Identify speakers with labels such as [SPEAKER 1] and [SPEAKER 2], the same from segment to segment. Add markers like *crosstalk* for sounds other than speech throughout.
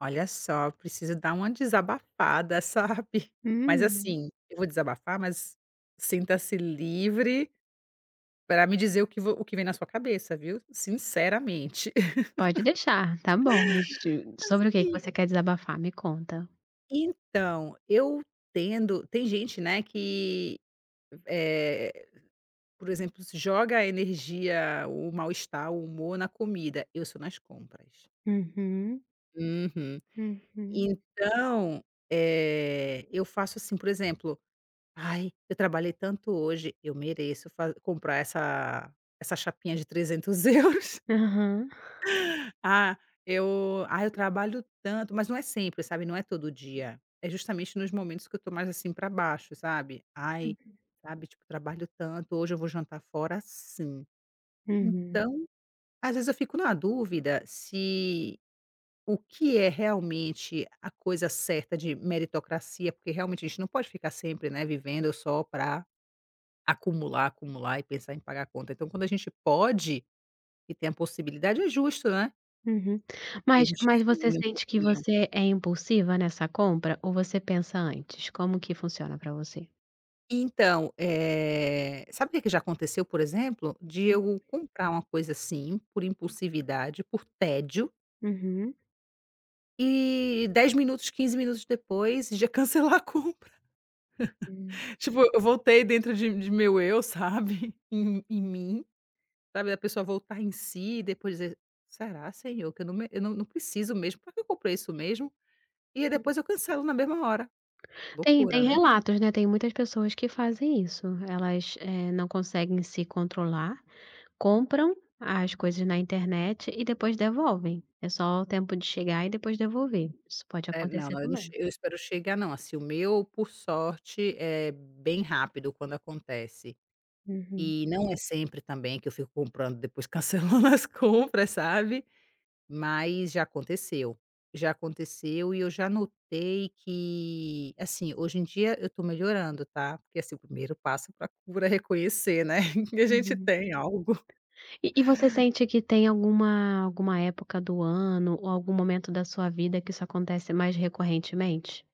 [SPEAKER 1] Olha só, preciso dar uma desabafada, sabe, mas
[SPEAKER 2] Hum.
[SPEAKER 1] assim, eu vou desabafar, mas sinta-se livre pra me dizer o que vo o que vem na sua cabeça, viu, sinceramente.
[SPEAKER 2] Pode
[SPEAKER 1] *laughs*
[SPEAKER 2] deixar, tá bom. Mas se eu Sobre o que que
[SPEAKER 1] Assim.
[SPEAKER 2] você quer desabafar? Me conta.
[SPEAKER 1] Então, eu tendo tem gente, né, que, eh, por exemplo, se joga a energia, o mal-estar, o humor na comida. Eu sou nas compras.
[SPEAKER 2] Uhum.
[SPEAKER 1] Uhum,
[SPEAKER 2] Uhum.
[SPEAKER 1] então, eh, eu faço assim, por exemplo: "Ai, eu trabalhei tanto hoje, eu mereço fa comprar essa essa chapinha de €300 euros".
[SPEAKER 2] Aham.
[SPEAKER 1] "Ah, eu ai eu trabalho tanto", mas não é sempre, sabe, não é todo dia, é justamente nos momentos que eu tô mais assim pra baixo, sabe. "Ai,
[SPEAKER 2] Uhum.
[SPEAKER 1] sabe? Tipo, trabalho tanto, hoje eu vou jantar fora sim".
[SPEAKER 2] Uhum.
[SPEAKER 1] Então, às vezes, eu fico na dúvida se o que é realmente a coisa certa de meritocracia, porque realmente a gente não pode ficar sempre, né, vivendo só pra acumular, acumular e pensar em pagar conta. Então quando a gente pode e tem a possibilidade, é justo, né.
[SPEAKER 2] Uhum,
[SPEAKER 1] Que a
[SPEAKER 2] mas
[SPEAKER 1] gente
[SPEAKER 2] mas
[SPEAKER 1] se
[SPEAKER 2] você
[SPEAKER 1] mime um
[SPEAKER 2] sente que
[SPEAKER 1] pouquinho.
[SPEAKER 2] você é impulsiva nessa compra? Ou você pensa antes? Como que funciona pra você?
[SPEAKER 1] Então, eh, sabe o que que já aconteceu por exemplo, de
[SPEAKER 2] Hum.
[SPEAKER 1] eu comprar uma coisa assim por impulsividade, por tédio
[SPEAKER 2] Uhum.
[SPEAKER 1] e 10, minutos 15 minutos depois, já cancelar a compra,
[SPEAKER 2] Hum.
[SPEAKER 1] *chuckles* tipo eu voltei dentro de de meu eu, sabe, em em mim, sabe, da pessoa voltar em si e depois dizer: "Será senhor, que eu não me eu não não preciso mesmo, pra quê que eu comprei isso mesmo?". E aí
[SPEAKER 2] Tem
[SPEAKER 1] depois eu cancelo na mesma hora.
[SPEAKER 2] Tem
[SPEAKER 1] Loucura,
[SPEAKER 2] tem
[SPEAKER 1] né?
[SPEAKER 2] relatos, né, tem muitas pessoas que fazem isso, elas, eh, não conseguem se controlar, compram as coisas na internet e depois devolvem, é só o tempo de chegar e depois devolver, isso pode
[SPEAKER 1] Eh,
[SPEAKER 2] acontecer
[SPEAKER 1] não-não, eu não che
[SPEAKER 2] também.
[SPEAKER 1] eu espero chegar não, assim, o meu por sorte é bem rápido quando acontece,
[SPEAKER 2] Uhum.
[SPEAKER 1] e não é sempre também que eu fico comprando depois cancelando as compras, sabe, mas já aconteceu, já aconteceu e eu já notei que, assim, hoje em dia eu tô melhorando, tá, porque assim o primeiro passo pra cura é reconhecer, né, que a gente
[SPEAKER 2] Uhum.
[SPEAKER 1] tem algo.
[SPEAKER 2] E e você sente que tem alguma alguma época do ano? Ou algum momento da sua vida que isso acontece mais recorrentemente?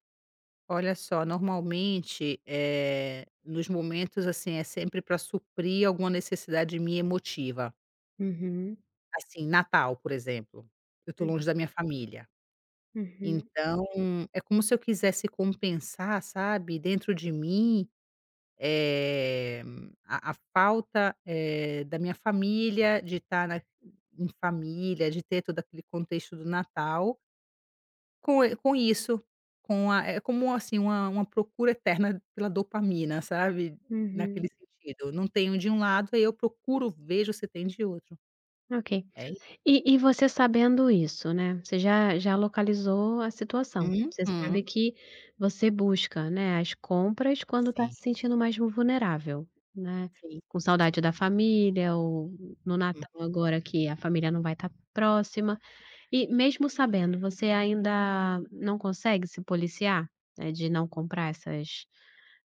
[SPEAKER 1] Olha só, normalmente, eh, nos momentos assim, é sempre pra suprir alguma necessidade minha emotiva.
[SPEAKER 2] Uhum
[SPEAKER 1] Assim, Natal, por exemplo, eu tô longe
[SPEAKER 2] Uhum.
[SPEAKER 1] da minha família,
[SPEAKER 2] Uhum.
[SPEAKER 1] então é como se eu quisesse compensar, sabe, dentro de mim, eh, a a falta, eh, da minha família, de tá na em família, de ter todo aquele contexto do Natal com e com isso, com a eh, como assim, uma uma procura eterna pela dopamina, sabe, naquele
[SPEAKER 2] Uhum.
[SPEAKER 1] sentido. Não tenho de um lado, aí eu procuro, vejo se tem de outro.
[SPEAKER 2] Ok.
[SPEAKER 1] É i
[SPEAKER 2] E e você sabendo isso, né, você já já localizou a situação. Você sabe
[SPEAKER 1] Uhum.
[SPEAKER 2] que você busca, né, as compras, quando tá
[SPEAKER 1] Sim.
[SPEAKER 2] se sentindo mais vul vulnerável, né.
[SPEAKER 1] Sim.
[SPEAKER 2] Com saudade da família ou no
[SPEAKER 1] Hum.
[SPEAKER 2] Natal agora que a família não vai tá próxima. E mesmo sabendo, você ainda não consegue se policiar, eh, de não comprar essas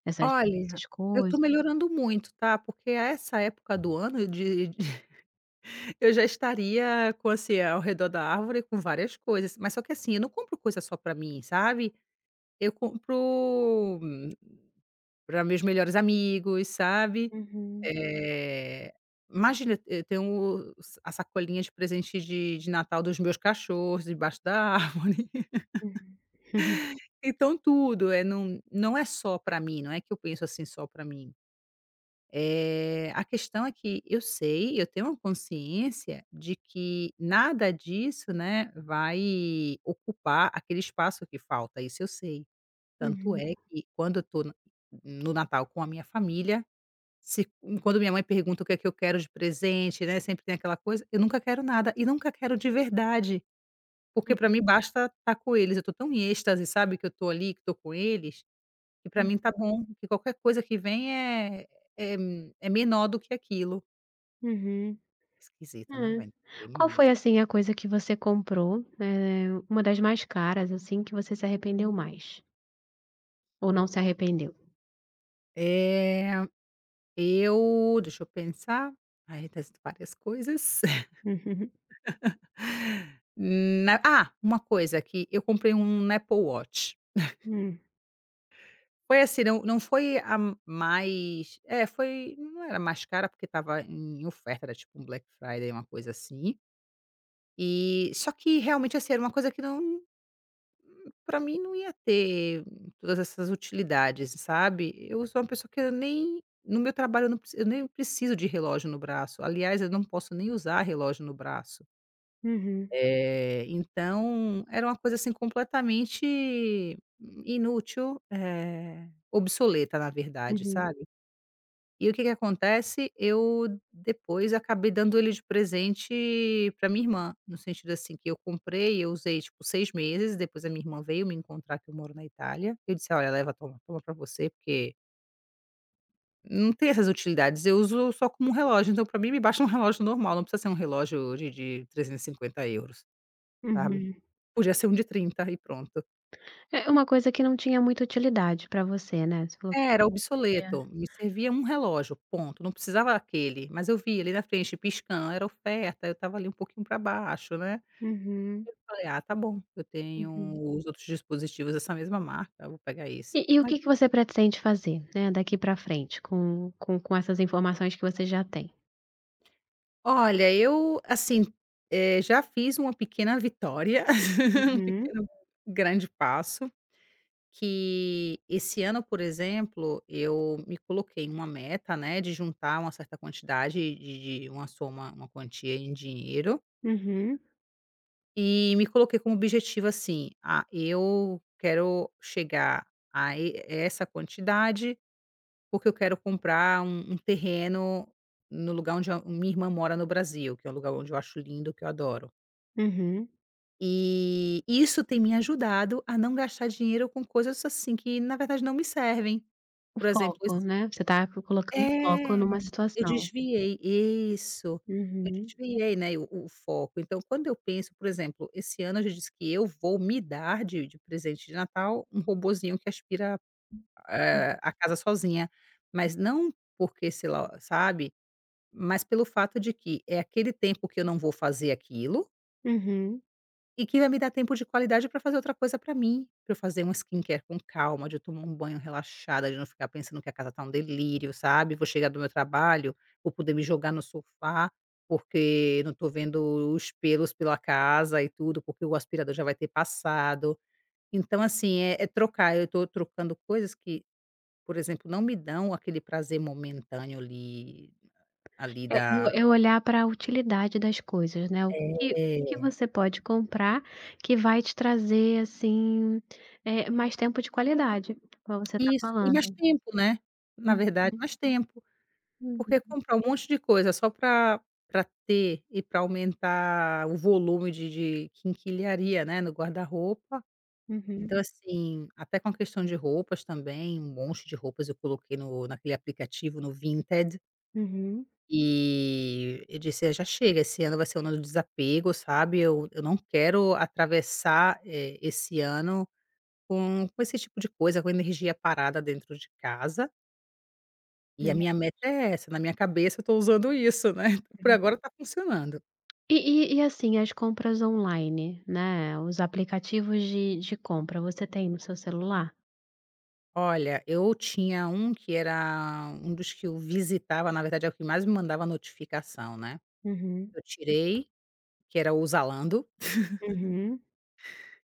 [SPEAKER 2] essas
[SPEAKER 1] Olha,
[SPEAKER 2] essas
[SPEAKER 1] eu tô
[SPEAKER 2] coisa
[SPEAKER 1] melhorando muito, tá, porque a essa época do ano, de de eu já estaria com assim, ao redor da árvore com várias coisas. Mas só que assim, eu não compro coisa só pra mim, sabe. Eu compro pra meus melhores amigos, sabe.
[SPEAKER 2] Uhum.
[SPEAKER 1] Eh, imagina, e eu tem o sa a sacolinha de presentes de de Natal dos meus cachorros debaixo da árvore. *laughs*
[SPEAKER 2] Uhum *chuckles*
[SPEAKER 1] Então tudo, eh, num não é só pra mim, não é que eu penso assim só pra mim. Eh, a questão é que eu sei, eu tenho a consciência de que nada disso, né, vai ocupar aquele espaço que falta, isso eu sei. Tanto
[SPEAKER 2] Uhum.
[SPEAKER 1] é que quando eu tô na no Natal com a minha família, se hum, quando minha mãe pergunta o que é que eu quero de presente, né, sempre tem aquela coisa, eu nunca quero nada e nunca quero de verdade, porque
[SPEAKER 2] Hum.
[SPEAKER 1] pra mim basta tá com eles. Eu tô tão em êxtase, sabe, que eu tô ali, que tô com eles, que pra mim tá
[SPEAKER 2] Uhum.
[SPEAKER 1] bom, que qualquer coisa que vem é é m é menor do que aquilo.
[SPEAKER 2] Uhum.
[SPEAKER 1] Esquisita, né,
[SPEAKER 2] Hum.
[SPEAKER 1] vai
[SPEAKER 2] Qual
[SPEAKER 1] entender *unintelligible*
[SPEAKER 2] foi, assim, a coisa que você comprou, eh, uma das mais caras, assim, que você se arrependeu mais? Ou não se arrependeu?
[SPEAKER 1] É, eu deixa eu pensar. Aí testo várias coisas.
[SPEAKER 2] *chuckles*
[SPEAKER 1] *laughs* Hum, na ah! Uma coisa, que eu comprei um Apple Watch. *chuckles*
[SPEAKER 2] Hum.
[SPEAKER 1] Foi assim, não não foi a mais é, foi não era a mais cara, porque estava em oferta, era tipo um Black Friday, uma coisa assim. E só que realmente, assim, era uma coisa que não pra mim não ia ter todas essas utilidades, sabe. Eu sou uma pessoa que eu nem no meu trabalho, eu não prec eu nem preciso de relógio no braço. Aliás, eu não posso nem usar relógio no braço.
[SPEAKER 2] Uhum.
[SPEAKER 1] Eh, então era uma coisa, assim, completamente inútil, eh, obsoleta, na verdade,
[SPEAKER 2] Uhum.
[SPEAKER 1] sabe. E o que que acontece? Eu depois acabei dando ele de presente para minha irmã, no sentido assim, que eu comprei, eu usei, tipo, 6 meses, depois a minha irmã veio me encontrar, que eu moro na Itália, eu disse: "Olha, leva, toma, toma pra você, porque" Não tem essas utilidades. Eu uso só como um relógio, então pra mim me basta um relógio normal, não precisa ser um relógio de de 350€, sabe.
[SPEAKER 2] Uhum.
[SPEAKER 1] Podia ser um de 30€ e pronto.
[SPEAKER 2] É, uma coisa que não tinha muita utilidade pra você, né, você falou
[SPEAKER 1] É, era
[SPEAKER 2] *unintelligible*
[SPEAKER 1] obsoleto, me servia um relógio, ponto. Não precisava aquele, mas eu vi ele na frente piscando, era oferta, eu estava ali um pouquinho para baixo, né.
[SPEAKER 2] Uhum.
[SPEAKER 1] Aí eu falei: "Ah, tá bom, eu tenho
[SPEAKER 2] Uhum.
[SPEAKER 1] os outros dispositivos dessa mesma marca, eu vou pegar esse",
[SPEAKER 2] E e o
[SPEAKER 1] mas
[SPEAKER 2] que que você pretende fazer, né, daqui para frente com com com essas informações que você já tem?
[SPEAKER 1] Olha, eu assim, eh, já fiz uma pequena vitória, *laughs* um
[SPEAKER 2] Uhum.
[SPEAKER 1] pequeno grande passo, que: esse ano, por exemplo, eu me coloquei uma meta, né, de juntar uma certa quantidade de de uma soma uma quantia em dinheiro.
[SPEAKER 2] Uhum.
[SPEAKER 1] E me coloquei como objetivo assim: "Ah, eu quero chegar a e essa quantidade, porque eu quero comprar um um terreno no lugar onde a minha irmã mora no Brasil", que é o lugar onde eu acho lindo, que eu adoro.
[SPEAKER 2] Uhum.
[SPEAKER 1] Eh, isso tem me ajudado a não gastar dinheiro com coisas, assim, que, na verdade, não me servem.
[SPEAKER 2] O
[SPEAKER 1] Por exemplo, esse
[SPEAKER 2] foco, né, você estava foi colocando o foco
[SPEAKER 1] É,
[SPEAKER 2] numa
[SPEAKER 1] eu
[SPEAKER 2] situação.
[SPEAKER 1] desviei isso, eu
[SPEAKER 2] Uhum.
[SPEAKER 1] desviei, né, o o foco. Então, quando eu penso por exemplo, esse ano eu já disse, que eu vou me dar de de presente de Natal, um robozinho que aspira,
[SPEAKER 2] Uhum.
[SPEAKER 1] eh, a casa sozinha, mas não porque, sei lá sabe, mas pelo fato de que, é aquele tempo que eu não vou fazer aquilo
[SPEAKER 2] Uhum.
[SPEAKER 1] e que vai me dar tempo de qualidade pra fazer outra coisa pra mim, pra eu fazer uma skincare com calma, de eu tomar um banho relaxada, de não ficar pensando que a casa tá um delírio, sabe, vou chegar do meu trabalho, vou poder me jogar no sofá, porque não tô vendo os pelos pela casa e tudo, porque o aspirador já vai ter passado, então, assim, é é trocar, eu tô trocando coisas que por exemplo, não me dão aquele prazer momentâneo ali ali
[SPEAKER 2] É
[SPEAKER 1] da
[SPEAKER 2] o é olhar pra utilidade das coisas, né, o que o que que
[SPEAKER 1] É.
[SPEAKER 2] você pode comprar, que vai te trazer, assim, eh, mais tempo de qualidade, igual você tá
[SPEAKER 1] Isso, e mais
[SPEAKER 2] falando.
[SPEAKER 1] tempo, né? Na verdade,
[SPEAKER 2] Uhum.
[SPEAKER 1] mais tempo. Porque
[SPEAKER 2] Uhum.
[SPEAKER 1] comprar um monte de coisa só pra pra ter e pra aumentar o volume de de quinquilharia, né, no guarda-roupa.
[SPEAKER 2] Uhum.
[SPEAKER 1] Então, assim, até com a questão de roupas também, um monte de roupas eu coloquei no naquele aplicativo, no Vinted.
[SPEAKER 2] Uhum.
[SPEAKER 1] E eu disse: "Ah, já chega, esse ano vai ser o ano do desapego", sabe, eu eu não quero atravessar, eh, esse ano com com esse tipo de coisa, com energia parada dentro de casa.
[SPEAKER 2] É
[SPEAKER 1] E a minha
[SPEAKER 2] verdade.
[SPEAKER 1] meta é essa, na minha cabeça eu estou usando isso, né, *chuckles* por
[SPEAKER 2] Sim.
[SPEAKER 1] agora está funcionando.
[SPEAKER 2] E e e assim, as compras online, né, os aplicativos de de compra, você tem no seu celular?
[SPEAKER 1] Olha, eu tinha um que era um dos que eu visitava, na verdade, é o que mais me mandava notificação, né.
[SPEAKER 2] Uhum.
[SPEAKER 1] Eu tirei, que era o Zalando. *laughs*
[SPEAKER 2] Uhum.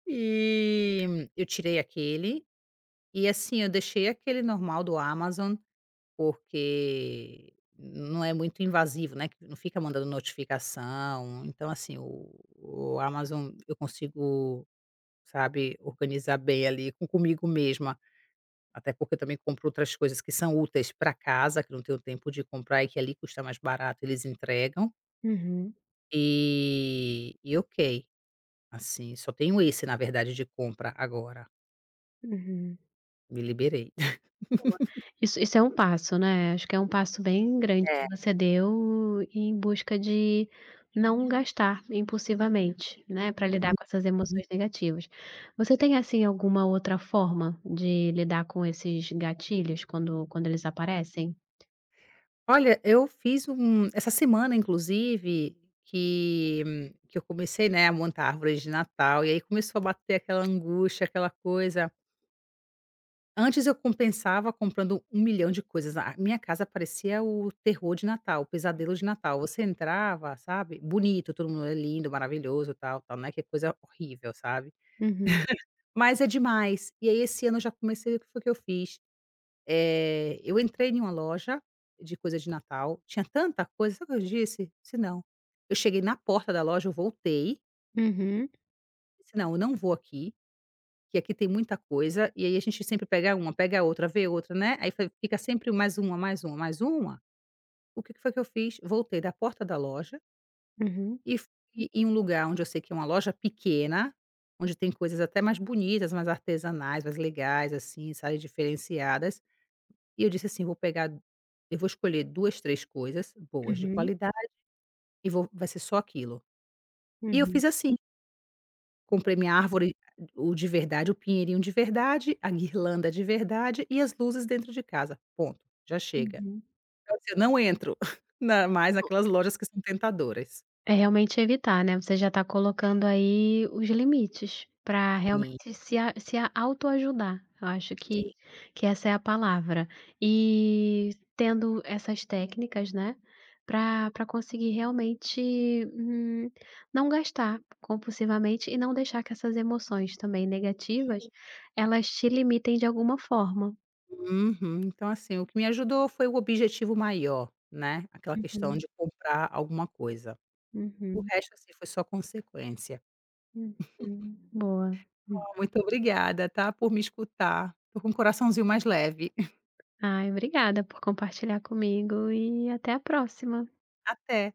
[SPEAKER 1] E, eu tirei aquele, e assim, eu deixei aquele normal do Amazon, porque não é muito invasivo, né, não fica mandando notificação. Então assim, o o Amazon, eu consigo, sabe, organizar bem, ali, com comigo mesma, até porque eu também compro outras coisas que são úteis para casa, que eu não tenho tempo de comprar e que ali custa mais barato, eles entregam.
[SPEAKER 2] Uhum.
[SPEAKER 1] E e ok, assim, só tenho esse na verdade, de compra agora.
[SPEAKER 2] Uhum.
[SPEAKER 1] Me liberei.
[SPEAKER 2] Boa.
[SPEAKER 1] *laughs*
[SPEAKER 2] Isso isso é um passo, né, acho que é um passo bem grande
[SPEAKER 1] É.
[SPEAKER 2] que você deu em busca de não gastar impulsivamente, né, pra lidar com essas emoções negativas.
[SPEAKER 1] Sim.
[SPEAKER 2] Você tem, assim, alguma outra forma de lidar com esses gatilhos quando quando eles aparecem?
[SPEAKER 1] Olha, eu fiz um essa semana inclusive, que que eu comecei, né, a montar a árvore de natal e aí começou a bater aquela angústia, aquela coisa. Antes eu compensava comprando um milhão de coisas, a a minha casa parecia o terror de natal, o pesadelo de natal. Você entrava, sabe, bonito, tudo é lindo, maravilhoso, tal, tal, não é que é coisa horrível, sabe,
[SPEAKER 2] Uhum.
[SPEAKER 1] *chuckles* mas é demais. E aí esse ano eu já comecei, o que foi que eu fiz? Eh, eu entrei em uma loja de coisa de natal, tinha tanta coisa, sabe o que eu disse? Disse: "Não". Eu cheguei na porta da loja, eu voltei
[SPEAKER 2] Uhum.
[SPEAKER 1] Disse: "Não, eu não vou aqui, que aqui tem muita coisa". E aí, a gente sempre pega 1, pega outra, vê outra, né, aí fica sempre mais 1, mais 1, mais 1. O que que foi que eu fiz, voltei da porta da loja
[SPEAKER 2] Uhum.
[SPEAKER 1] e fui em um lugar onde eu sei que é uma loja pequena, onde tem coisas até mais bonitas, mais artesanais, mais legais, assim, sabe, diferenciadas e eu disse assim: "Vou pegar, eu vou escolher 2, 3 coisas boas, de
[SPEAKER 2] Uhum.
[SPEAKER 1] qualidade, e vou vai ser só aquilo". E eu
[SPEAKER 2] Uhum.
[SPEAKER 1] fiz assim. Comprei minha árvore, a o de verdade, o pinheirinho de verdade, a guirlanda de verdade e as luzes dentro de casa. Ponto, já chega.
[SPEAKER 2] Uhum.
[SPEAKER 1] Quer dizer, não entro, *chuckles* na mais
[SPEAKER 2] *unintelligible*
[SPEAKER 1] naquelas lojas que são tentadoras.
[SPEAKER 2] É realmente evitar, né, você já está colocando aí os limites, para
[SPEAKER 1] Sim.
[SPEAKER 2] realmente se a se auto ajudar, eu acho que,
[SPEAKER 1] Sim.
[SPEAKER 2] que essa é a palavra, e tendo essas técnicas, né, pra pra conseguir realmente, hum, não gastar compulsivamente e não deixar que essas emoções também
[SPEAKER 1] E
[SPEAKER 2] negativas,
[SPEAKER 1] ai.
[SPEAKER 2] elas te limitem de alguma forma.
[SPEAKER 1] Uhum, então assim, o que me ajudou foi o objetivo maior, né, aquela questão
[SPEAKER 2] Uhum.
[SPEAKER 1] de comprar alguma coisa, o
[SPEAKER 2] Uhum.
[SPEAKER 1] resto assim, foi só consequência.
[SPEAKER 2] Uhum.
[SPEAKER 1] *chuckles*
[SPEAKER 2] Boa. Hum.
[SPEAKER 1] Muito obrigada, tá, por me escutar. Estou com o coraçãozinho mais leve. *chuckles*
[SPEAKER 2] Ai, obrigada por compartilhar comigo e até a próxima.
[SPEAKER 1] Até.